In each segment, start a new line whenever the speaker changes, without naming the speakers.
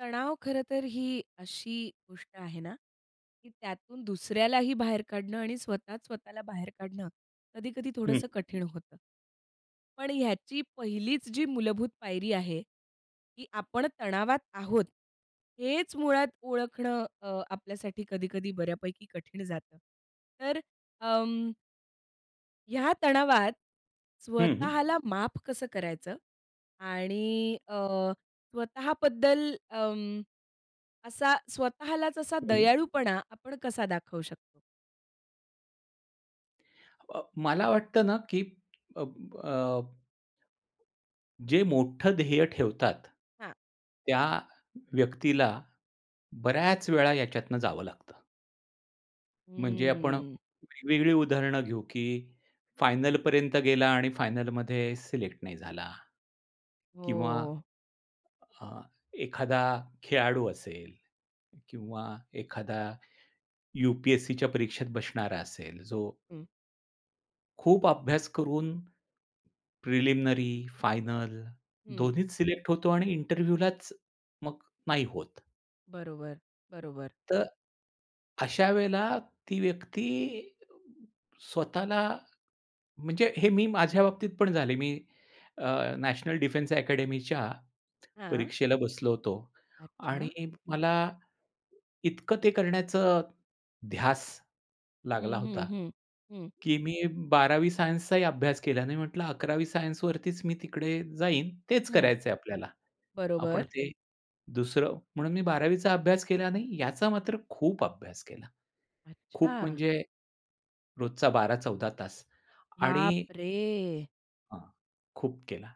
तणाव खरंतर ही अशी गोष्ट आहे ना, की त्यातून दुसऱ्यालाही बाहेर काढणं आणि स्वतःच स्वतःला बाहेर काढणं कधी-कधी
हं.
थोडंसं कठीण होतं. पण ह्याची पहिलीच जी मूलभूत पायरी आहे, की आपण तणावात आहोत, हेच मुळात ओळखणं अ, आपल्यासाठी कधी-कधी बऱ्यापैकी कठीण जातं. तर अं ह्या तणावात
हं, हं.
स्वतःला माफ कसं करायचं आणि अ, स्वतःबद्दल अं, असा स्वतःलाच असा
हं.
दयाळूपणा आपण कसा दाखवू शकतो?
अ, मला वाटतं ना, की अब अ, जे मोठं ध्येय ठेवतात,
हां.
त्या व्यक्तीला बऱ्याच वेळा याच्यातून जावं लागतं. म्हणजे आपण
हम्म.
वेगवेगळी उदाहरणं घेऊ, की फायनलपर्यंत गेला आणि फायनलमध्ये सेलेक्ट नाही झाला. किंवा
हो.
अ, एखादा खेळाडू असेल किंवा एखादा, यू-पी-एस-सीच्या परीक्षेत बसणारा असेल, जो
हं.
खूप अभ्यास करून, प्रिलिमिनरी आणि फायनल
हं.
दोन्हीत सिलेक्ट होतो. आणि इंटरव्ह्यूलाच मात्र नाही होत.
बरोबर, बरोबर.
तर अशा वेळेला ती व्यक्ती स्वतःला म्हणजे हे मी माझ्या बाबतीत पण झाले मी अ, नॅशनल डिफेन्स अकॅडमीच्या
हां.
परीक्षेला बसलो होतो आणि
अच्छा!
मला, इतकं ते करण्याचं ध्यास लागला
हं, हं,
होता.
हं. हं.
की मी 12वी सायन्सचाही अभ्यास केला नाही, म्हंटलं 11वी सायन्सवरतीच मी तिकडे जाईन, तेच
हं.
करायचं आहे आपल्याला. आपण
बरोबर.
ते दुसरं म्हणून मी 12वी चा अभ्यास केला नाही, याचा मात्र खूप अभ्यास केला. खूप
अच्छा!
म्हणजे रोजचा 12-14 तास
बाप
आणि
रे!
हां, खूप केला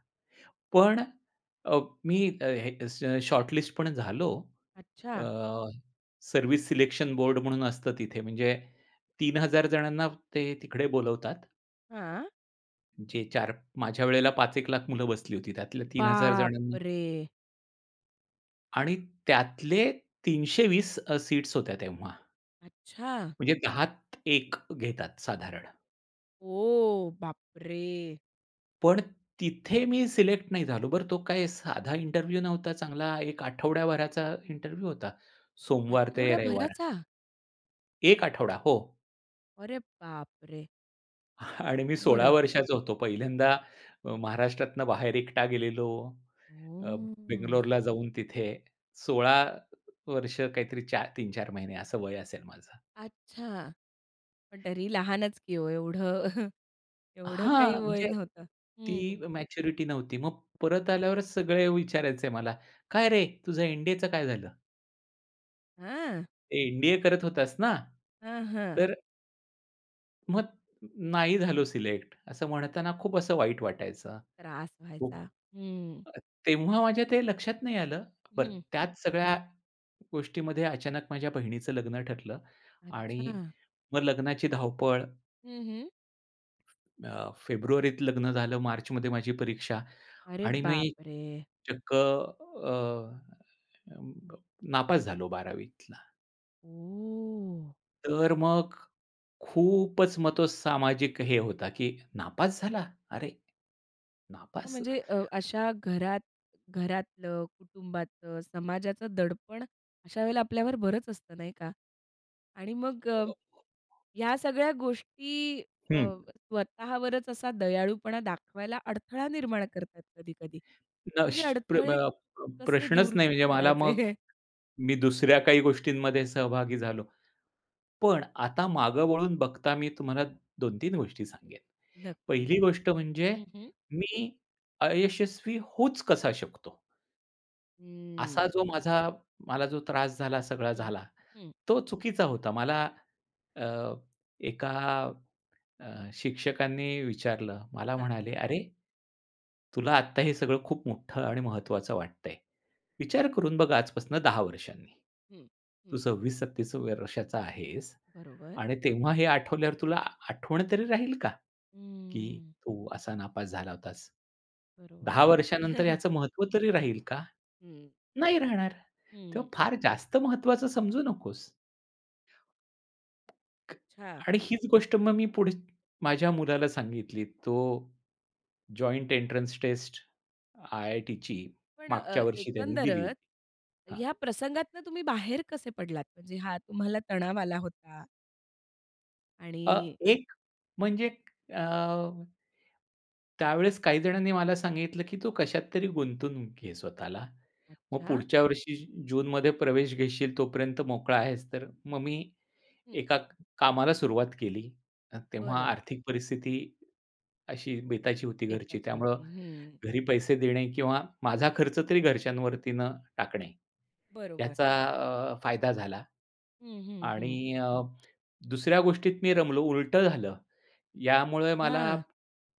पण अ, मी अ, हे शॉर्टलिस्ट पण झालो. अ,
अच्छा.
सर्व्हिस सिलेक्शन बोर्ड म्हणून असतं तिथे म्हणजे 3000 जणांना ते तिकडे बोलवतात.
हां.
जे 4 माझ्या वेळेला 5 एक लाख मुलं बसली होती, त्यातल्या 3000
बाप
जणांना
रे!
आणि त्यातले 320 अ, सीट्स होत्या तेव्हा.
अच्छा!
म्हणजे 10त 1 घेतात साधारण.
ओह! बाप रे!
पण तिथे मी सिलेक्ट नाही झालो. बरं, तो काय साधा इंटरव्ह्यू नव्हता, चांगला एक आठवडाभराचा इंटरव्ह्यू होता. सोमवार ते रविवार.
आठवड्याभराचा?
1 आठवडा हो.
अरे बाप रे!
आणि मी 16
बरं.
वर्षाचा होतो पहिल्यांदा, महाराष्ट्रातून बाहेर एकटा गेलेलो. अ,
हम्म.
बेंगलोरला जाऊन तिथे 16 वर्ष काहीतरी 4, 3-4 महिने असं वय असेल माझं.
अच्छा. पण तरी लहानच की हो एवढं, एवढं
हां
काही वय
म्हणजे
नव्हतं
ती
हं.
मॅच्युरिटी नव्हती. मग परत आल्यावरच सगळे विचारायचे मला काय रे तुझं एन-डी-एचं काय झालं?
हां.
एन-डी-ए करत होतास ना?
हं, हं.
तर मग नाही झालो सिलेक्ट, असं म्हणताना खूप असं वाईट वाटायचं.
त्रास
खूप
व्हायचा हं.
तेव्हा माझ्या ते लक्षात नाही आलं, बरं
हं, हं.
त्याच सगळ्या गोष्टीमध्ये अचानक माझ्या बहिणीच लग्न ठरलं आणि
अच्छा!
मग लग्नाची धावपळ
हं, हं.
अ, फेब्रुवारीत लग्न झालं, मार्चमध्ये माझी परीक्षा
अरे
आणि मी
बापरे!
चक्क अ, अं, नापास झालो 12वी तला.
ओह!
तर मग खूपच मग तो सामाजिक हे होता की "नापास झाला!? अरे,
हां,
नापास
म्हणजे अ, अशा घरात घरातलं, कुटुंबाचं, समाजाचं दडपण अशा वेळेला आपल्यावर बरंच असतं नाही का? आणि मग अ, ह्या सगळ्या गोष्टी अ,
हं.
स्वतःवरच असा दयाळूपणा दाखवायला अडथळा निर्माण करतात कधी-कधी. मग हे
प्रश्न प्र
अडथळे
अ, प
कसे
प्रश्नच
दूर
नाही म्हणजे मला मग
करायचे?
मी दुसऱ्या काही गोष्टींमध्ये सहभागी झालो. पण आता मागं वळून बघता मी तुम्हाला 2-3 गोष्टी सांगेन.
नक्की.
पहिली गोष्ट म्हणजे
हं, हं.
मी अयशस्वी होऊच कसा शकतो! असा
हम्म.
जो माझा, मला जो त्रास झाला, सगळा
हं.
झाला,
हं.
तो चुकीचा होता. मला अ, एका अ, शिक्षकांनी विचारलं. मला
हां.
म्हणाले, "अरे, तुला आत्ता हे सगळं खूप मोठं आणि महत्त्वाचं वाटतंय. विचार करून बघ आजपासून 10 वर्षांनी.
हं.
तू
हं
26-27 वर्षाचा आहेस
बरोबर.
आणि तेव्हा हे आठवल्यावर तुला आठवण तरी राहील का? की
हम्म.
तू असा नापास झाला होतास.
बरोबर.
10 वर्षानंतर याचं महत्व तरी राहील का?
हं.
नाही राहणार!
हं.
तेव्हा फार जास्त महत्वाचं समजू नकोस." ख
अच्छा!
आणि हीच गोष्ट मग मी पुढच माझ्या मुलाला सांगितली. तो जॉइंट एन्ट्रन्स टेस्ट, आय-आय-टीची
पण
मागच्या
अ,
वर्षी त्यानी दिली
एकंदरच,
होती हां.
या प्रसंगातनं तुम्ही बाहेर कसे पडलात? म्हणजे हा तुम्हाला तणाव आला होता
अ,
आणि
एक म्हणजे अ, त्यावेळेस काहीजणांनी मला सांगितलं, की तू कशात तरी गुंतवून घे स्वतःला. मग
अच्छा.
पुढच्या वर्षी जूनमध्ये प्रवेश घेशील तोपर्यंत मोकळा आहेस, तर मग मी
हं.
एका क कामाला सुरुवात केली. अ, तेव्हा
बरं.
आर्थिक परिस्थिती अशी बेताची होती घरची,
बेताची
त्यामुळं
होती. हं.
घरी पैसे देणे किंवा माझा खर्च तरी घरच्यांवरती न टाकणे.
बरोबर.
याचा अ, फायदा झाला
हं, हं, हं.
आणि अ, दुसऱ्या गोष्टीत मी रमलो, उलटं झालं. यामुळे मला
हां.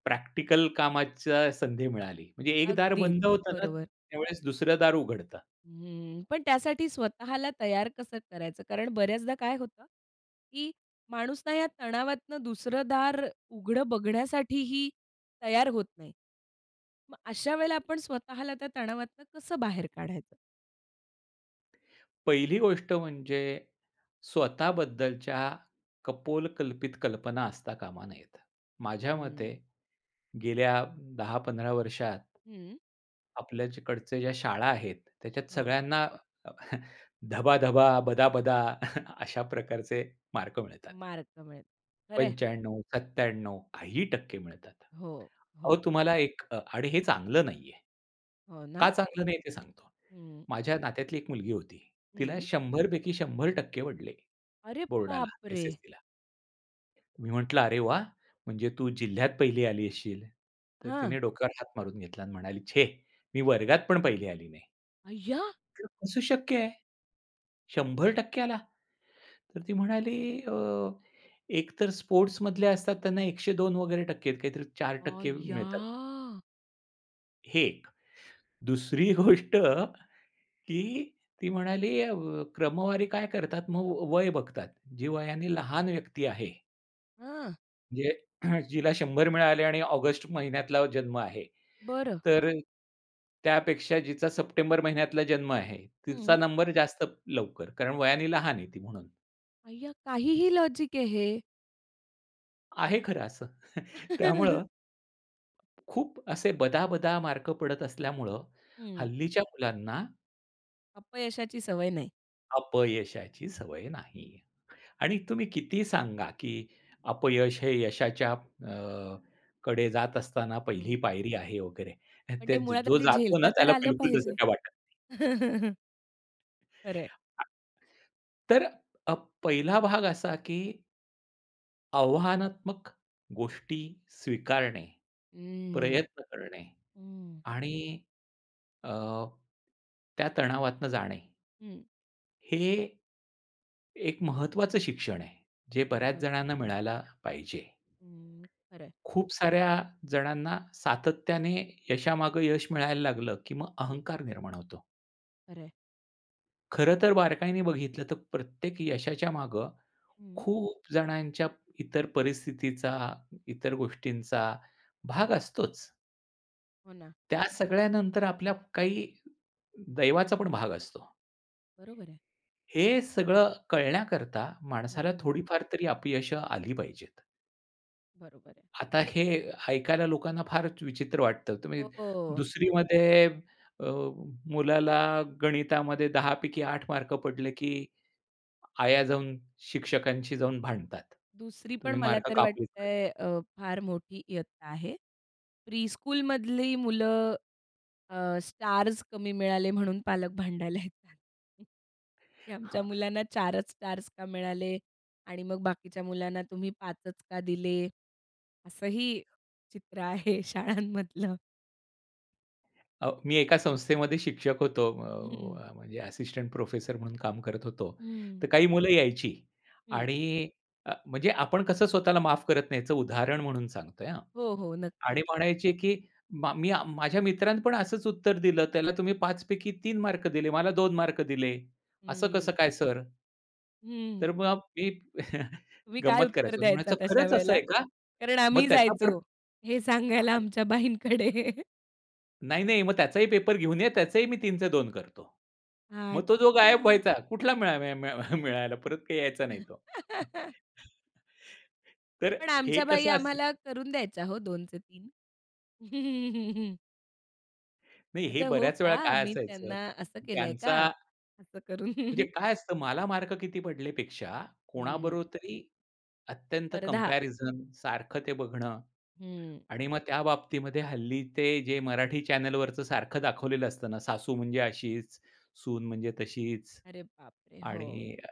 प्रॅक्टिकल कामाची संधी मिळाली. म्हणजे एक दार
अगदीच
बंद होतं ना
बरोबर.
त्यावेळेस दुसरं दार उघडतं.
हं. पण त्यासाठी स्वतःला तयार कसं करायचं? कारण बऱ्याचदा काय होतं, की माणूसना या तणावातनं दुसरं दार उघडं बघण्यासाठीही तयार होत नाही. मग अशा वेळेला आपण स्वतःला त्या तणावातून कसं बाहेर काढायचं?
पहिली गोष्ट म्हणजे स्वतःबद्दलच्या कपोलकल्पित कल्पना असता कामा नयेत. माझ्या मते
हं.
गेल्या 10-15 वर्षात,
हं.
आपल्याकडच्या ज्या शाळा आहेत त्याच्यात
हो.
सगळ्यांना अ, धबाधबा, बदाबदा अशा प्रकारचे मार्क मिळतात.
मार्क मिळेल. खरं आहे.
95-97 काहीही टक्के मिळतात.
हो,
अहो,
हो.
तुम्हाला एक अ आणि हे चांगलं नाही आहे.
हो
का
ना.
चांगलं नाही ते सांगतो.
हं.
माझ्या नात्यातली एक मुलगी होती तिला
हं
100 पैकी 100% पडले,
अरे
बोर्डाला
बापरे!
एस-एस-सीला, मी म्हटलं, "अरे वाह! म्हणजे तू जिल्ह्यात 1ली आली असशील." तर
हां.
तिने डोक्यावर हात मारून घेतला आणि म्हणाली, "छे! मी वर्गात पण पहिली आली नाही."
अय्या!
"हे कस शक्य आहे? 100% आला?" तर ती म्हणाली अ, एकतर स्पोर्ट्समधले असतात त्यांना 102 वगैरे टक्के आहेत काहीतरी 4%
अय्या!
मिळतात. हे एक. दुसरी गोष्ट, की ती म्हणाली अ, व क्रमवारी काय करतात मग व वय बघतात, जी वयाने लहान व्यक्ती आहे
हां.
म्हणजे जिला 100 मिळाले आणि ऑगस्ट महिन्यातला जन्म आहे,
बरं.
तर अ, त्यापेक्षा जिचा सप्टेंबर महिन्यातला जन्म आहे, तिचा
हं.
नंबर जास्त लवकर कारण वयाने लहान आहे ती म्हणून.
अय्या! काहीही लॉजिक आहे हे.
आहे खरं असं त्यामुळं, खूप असे बदाबदा मार्क पडत असल्यामुळं
हं.
हल्लीच्या मुलांना
अपयशाची सवय नाही.
अपयशाची सवय नाही. आणि तुम्ही कितीही सांगा, की अपयश हे यशाच्या अ, ...कडे जात असताना पहिली
हं.
पायरी आहे वगैरे,
पण
ते
ते
ज
मुळात
जो
आधी
जातो ना
झेलता तर
त्याला
आलं
बिलकुल तसं
पाहिजे.
काही वाटत नाही.
खरंय.
आ तर अ, प पहिला भाग असा, की आव्हानात्मक गोष्टी स्वीकारणे,
हम्म.
प्रयत्न करणे
हं.
आणि अ, त्या तणावातून जाणे.
हं.
हे एक महत्वाचं शिक्षण आहे. जे बऱ्याच
बरोबर.
जणांना मिळायला पाहिजे.
हं, खरं आहे.
खूप साऱ्या जणांना सातत्याने यशामागं यश मिळायला लागलं, की मग
हं.
अहंकार निर्माण होतो.
खरं आहे.
खरं तर बारकाईने बघितलं तर प्रत्येक यशाच्या मागं
हं.
खूप जणांच्या इतर परिस्थितीचा, इतर गोष्टींचा भाग असतोच.
हो ना.
त्या सगळ्यानंतर आपल्या काही दैवाचा पण भाग असतो.
बरोबर आहे.
हे सगळं कळण्याकरता माणसाला
हं.
थोडीफार तरी अपयशं आली पाहिजेत.
बरोबर आहे.
आता हे ऐकायला लोकांना फारच विचित्र वाटतं. तुम्ही
हो, हो.
2रीमध्ये अ, मुलाला गणितामध्ये 10 पैकी 8 मार्क पडले, की आया जाऊन शिक्षकांशी जाऊन भांडतात,
2री पण
"तुम्ही
मला
मार्क
तर
कापलेच कसे?"
वाटतंय अ, फार मोठी इयत्ता आहे. प्रीस्कूल मधली मुलं अ, स्टार्स कमी मिळाले म्हणून पालक भांडायला येतात,, की आमच्या
हां.
मुलांना 4च स्टार्स का मिळाले? आणि मग बाकीच्या मुलांना तुम्ही 5च का दिले? असंही चित्र आहे शाळांमधलं.
अ, मी एका संस्थेमध्ये शिक्षक होतो.
हं.
अ, अ, म्हणजे असिस्टंट प्रोफेसर म्हणून काम करत होतो.
हं.
तर काही मुलं यायची
हं.
आणि अ, म्हणजे आपण कसं स्वतःला माफ करत नाही. याचं उदाहरण म्हणून सांगतोय, हां.
हो, हो,
आणि
नक्की.
म्हणायचे की, "मा मी अ, माझ्या मित्रानं पण असचं उत्तर दिलं, त्याला तुम्ही 5 पैकी 3 मार्क दिले. मला 2 मार्क दिले, असं कसं
हं.
काय सर?"
हं.
तर मग मी
तुम्ही काय
गंमत
उत्तर
करायचो नी म्हणायचं,
द्यायचातं अशा
"खरंच, असं
वेळेला?
आहे का?
कारण
मग
आम्हीही
त्याचा आपण,
जायचो, हे
हां"
सांगायला
[unintelligible]
आमच्या बाईंकडे.
"नाही, नाही. मग त्याचाही पेपर घेऊन ये, त्याचंही मी 3 चे 2 करतो." मग तो जो गायब
आता.
व्हायचा, कुठला मिळ मिळ मिळ मिळायला, परत काही यायचा नाही
हं.
तो. तर
पण
हे
आमच्या बाई
कसं असेल
आम्हाला करून द्यायच्या हो, 2 चे 3
नाही, हे
अच्छा, हो
बऱ्याचं वेळा
का?
काय
मी
असायचं?
त्यांना असं
की
केलंय का,
त्यांचा
असं करून?
म्हणजे काय असतं मला मार्क किती पडलेपेक्षा
हं.
कोणाबरोबर तरी अत्यंत
स्पर्धा.
कम्पॅरिझन सारखं ते बघणं
हं.
आणि मग त्या बाबतीमध्ये हल्ली ते जे मराठी चॅनेलवरचं सारखं दाखवलेलं असतं ना सासू म्हणजे अशीचं, सून म्हणजे तशीचं.
अरे बाप रे! हो.
आणि, अ,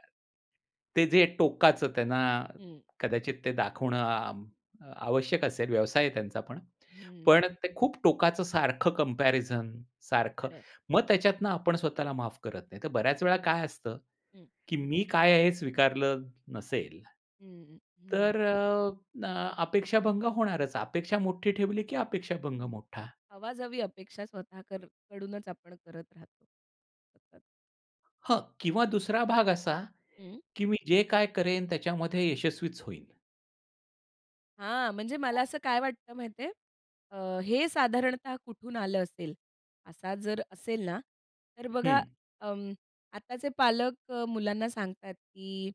ते जे टोकाचं त्यांना
हं.
कदाचित ते दाखवणं अ, आवश्यक असेल व्यवसाय आहे त्यांचा पण.
हम्म.
पण ते खूप टोकाचं सारखं कम्पॅरिझन सारखं,
खरयं.
मग त्याच्यातून आपण स्वतःला माफ करत नाही. तर बऱ्याचं वेळा काय असतं?
हं.
की मी काय आहे? हे स्वीकारलं नसेल,
हं, हं, हं.
तर अ, अ, अपेक्षाभंग होणारचं. अपेक्षा मोठी ठेवली की अपेक्षाभंग
हं.
मोठा.
अवाजवी अपेक्षा स्वतः करू कडूनचं आपण करत राहतो, सततं.
हं. किंवा 2रा भाग असा,
हं
की "मी जे काय करेन त्याच्यामध्ये यशस्वीच होईन."
हां, म्हणजे मला असं काय वाटतं माहिती आहे? अ, हे साधारणतः कुठून आलं असेल? असा जर असेल ना, तर बघा
हं.
अं, आताचे पालक मुलांना सांगतात, की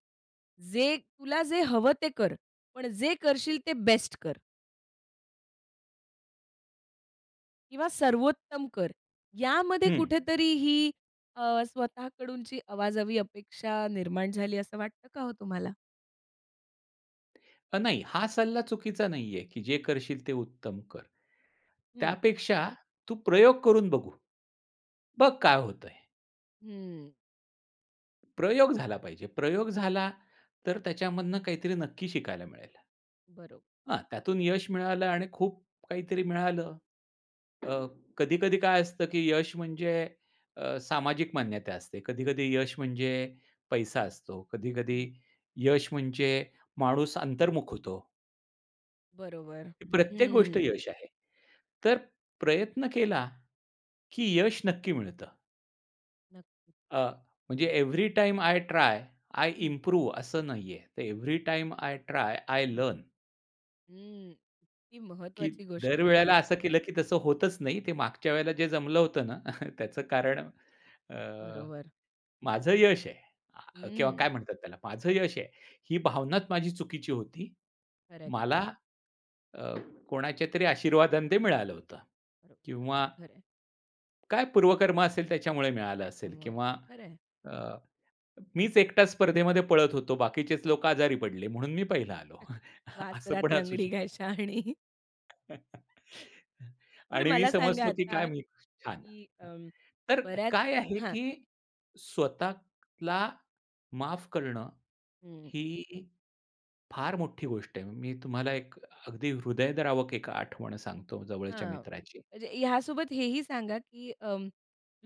"जे तुला जे हवं ते कर, पण जे करशील ते बेस्ट कर" "किंवा सर्वोत्तम कर." यामध्ये
हं.
कुठेतरी ही अ, स्वतःकडूनची अवाजवी अपेक्षा निर्माण झाली, असं वाटतं का हो तुम्हाला?
अ, नाही. हा सल्ला चुकीचा नाही आहे, की "जे करशील ते उत्तम कर."
हं.
त्यापेक्षा "तू प्रयोग करून बघू. बघ काय होतंय."
हम्म.
प्रयोग झाला पाहिजे. प्रयोग झाला तर त्याच्यामधून काहीतरी नक्की शिकायला मिळेल.
बरोब
हां, त्यातून यश मिळालं आणि खूप काहीतरी मिळालं. अ, कधी-कधी काय असतं, की यश म्हणजे अ, सामाजिक मान्यता असते, कधी-कधी यश म्हणजे पैसा असतो, कधी-कधी
हं.
यश म्हणजे माणूस अंतर्मुख होतो.
बरोबर.
प्रत्येक गोष्ट
हम्म.
यश आहे. तर प्रयत्न केला की यश नक्की मिळतं.
नक्की.
अ, म्हणजे every time I try, I
हं.
इम्प्रूव असं नाहीये. तर every time I try, I
हं.
लर्न.
हम्म. इतकी
की
महत्त्वाची गोष्ट
दर
आहे
वेळेला
ही.
असं केलं की तसं होतच नाही, ते मागच्या वेळेला जे जमलं होतं ना, त्याचं कारण अ,
बरोबर.
माझं यश आहे अ, ह, किंवा
हम्म.
काय म्हणतात त्याला, माझं यश आहे. ही भावनाच माझी चुकीची होती.
खरंय.
मला
खरंय.
अ, कोणाच्या तरी आशीर्वादानं ते मिळालं होतं.
[unintelligible] अगदी
किंवा
खरं आहे.
काय पूर्वकर्म असेल त्याच्यामुळे मिळालं असेल.
त्याच्यामुळे.
किंवा,
खरं आहे.
अ, मीच एकटाच स्पर्धेमध्ये पळत होतो बाकीचेच लोक आजारी पडले म्हणून मी पहिला आलो, असं पण
वासरात
असू
लंगडी
शकतं.
गाय शहाणी. बरं
आणि मी
मला सांगा
समजतो की काय
आता
मी छान.
कि
हं.
अं,
तर
बऱ्याच
काय आहे
हां.
की स्वतःला माफ करणं
हम्म.
ही फार मोठी गोष्ट आहे, मी तुम्हाला एक
बरोबर.
अगदी हृदयद्रावक एक आठवण सांगतो, जवळच्या
हां.
मित्राची.
म्हणजे ह्यासोबत हेही सांगा की अं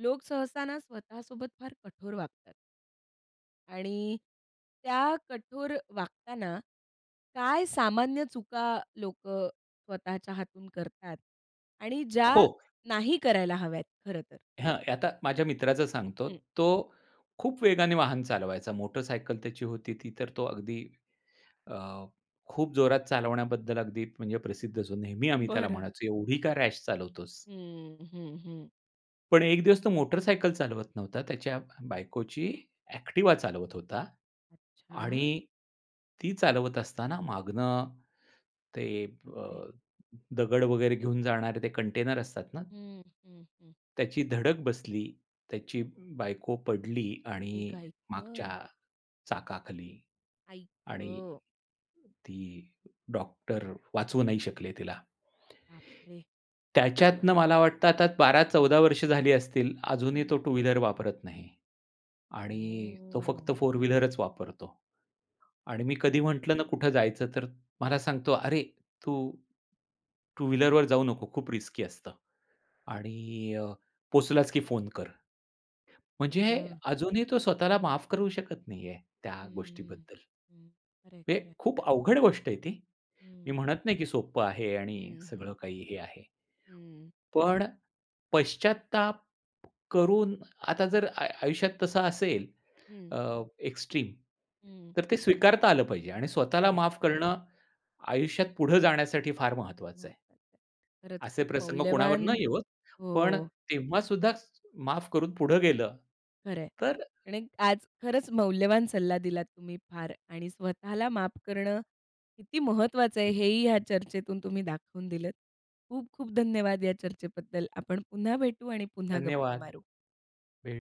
लोक सहसा ना, स्वतःसोबत फार कठोर वागतात. आणि त्या कठोर वागताना काय सामान्य चुका लोकं स्वतःच्या हातून करतात आणि ज्या
हो.
नाही करायला हव्यात खरं तर.
हां. आता माझ्या मित्राचं सांगतो.
हं.
तो खूप वेगाने वाहन चालवायचा. मोटरसायकल त्याची होती ती तर तो अगदी अ, खूप जोरात चालवण्याबद्दल अगदी म्हणजे प्रसिद्ध जो नेहमी आम्ही त्याला
बरं.
म्हणायचो एवढी का रॅश चालवतोस?
हं, हं, हं.
पण एक दिवस तो मोटरसायकल चालवत नव्हता. त्याच्या बायकोची ऍक्टिवा चालवत होता
अच्छा!
आणि ती चालवत असताना मागनं ते
बाप
अ,
रे!
दगड वगैरे घेऊन जाणारे ते कंटेनर असतात ना?
हं, हं, हं.
त्याची धडक बसली. त्याची बायको पडली
ए
आणि
गं आई
मागच्या
गं!
चाकाखाली
आई
आणि
गं!
ती, डॉक्टर वाचवू नाही शकले तिला.
बाप रे!
त्याच्यातनं मला वाटतं आता 12-14 वर्ष झाली असतील अजूनही
हं.
तो टू व्हीलर वापरत नाही आणि तो फक्त
हो.
फोर व्हीलरच वापरतो आणि मी कधी म्हंटलं ना कुठं जायचं तर मला सांगतो, "अरे तू टू व्हीलरवर जाऊ नको. खूप रिस्की असतं आणि अ, पोहचलास की फोन कर."
आई
म्हणजे
गं!
अजूनही तो स्वतःला माफ करू शकत नाहीये
हं,
त्या
हं,
गोष्टीबद्दल.
हं. खरंय,
हे
खरंय.
खूप अवघड गोष्ट आहे ती. मी
हं.
म्हणत नाही की सोप्पं आहे आणि
हं,
सगळं
हं.
काही हे आहे.
हं.
पण पश्चात्ताप करून आता जर आय आयुष्यात तसं असेल
हं.
अ, एक्सट्रीम
हं.
तर ते स्वीकारता आलं पाहिजे आणि स्वतःला
खरंय.
माफ करणं आयुष्यात पुढे जाण्यासाठी फार महत्वाचं आहे.
महत्वाचं आहे. खरंच
असे
खूप
प्रसंग कोणावर
मौल्यवान,
न येवोत. पण
हो.
तेव्हा सुद्धा स माफ करून पुढं गेलं
खरंय.
तर
आणि आज खरंच मौल्यवान सल्ला दिलात तुम्ही फार आणि स्वतःला माफ करणं किती महत्वाचं आहे. हे
हं.
ही या चर्चेतून तुम्ही दाखवून दिलंत. खूप खूप धन्यवाद या चर्चेबद्दल. आपण पुन्हा भेटू आणि पुन्हा गप्पा
धन्यवाद.
मारू.
भेट